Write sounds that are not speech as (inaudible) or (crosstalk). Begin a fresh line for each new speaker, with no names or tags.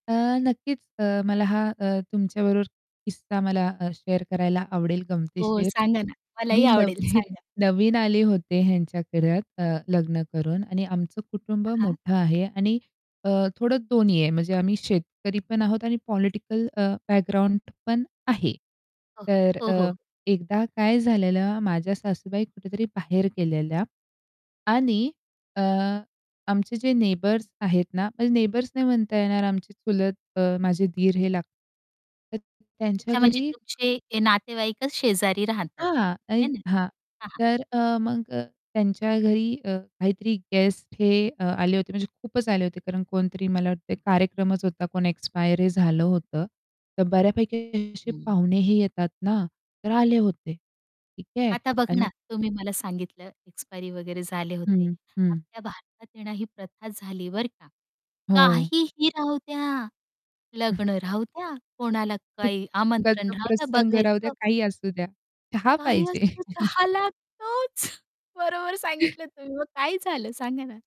अ, नक्कीच अ, मला हा अ, तुमच्याबरोबर किस्सा मला अ, शेअर करायला आवडेल
हो,
गमतीशीर
सांगा ना,
मी
मलाही आवडेल
नवी
सांगा.
नवीन आले होते ह्यांच्या घरात अ, लग्न करून आणि आमचं कुटुंब
हां.
मोठं आहे आणि अ, थोडं दोन्ही आहे म्हणजे आम्ही शेतकरी पण आहोत आणि पॉलिटिकल अ, बॅकग्राऊंड पण आहे.
हो,
तर
हो,
अ,
हो.
एकदा काय झालेलं माझ्या सासूबाई कुठेतरी बाहेर गेलेल्या आणि अ, आमचे जे नेबर्स आहेत ना, म्हणजे नेबर्स नाही म्हणता येणार आमची चुलत अ, माझे दीर हे लागतात. तर त्यांच्या
अच्छा, म्हणजे
घरी
तुमचे ते नातेवाईकच शेजारी राहतात
हां.
है
आणि
ना?
हां.
हां, हां.
तर अ, मग अ, त्यांच्या घरी अ, काहीतरी गेस्ट हे अ, आले होते म्हणजे खूपच आले होते कारण कोणतरी मला वाटत कार्यक्रमच होता कोण एक्सपायर झालं होतं. तर बऱ्यापैकी असे
हं.
पाहुणे ही येतात ना, तर आले होते. ठीक आहे
आता बघा ना,
आणि
तुम्ही मला सांगितलं एक्सपायरी वगैरे झाले होते.
हं, हं.
आपल्या भारतात येण ही प्रथा झाली बर का,
हो.
काहीही राहूद्या
(chuckles)
लग्न राहूद्या, कोणाला काही आमंत्रण
दुःखाचा
राहूद्या,
प्रसंग राहू द्या,
बघायचं
काही असू द्या. चहा
काही
पाहिजे.
असं तर
(chuckles)
चहा लागतोच. बरोबर सांगितलं तुम्ही मग काय झालं सांगा ना.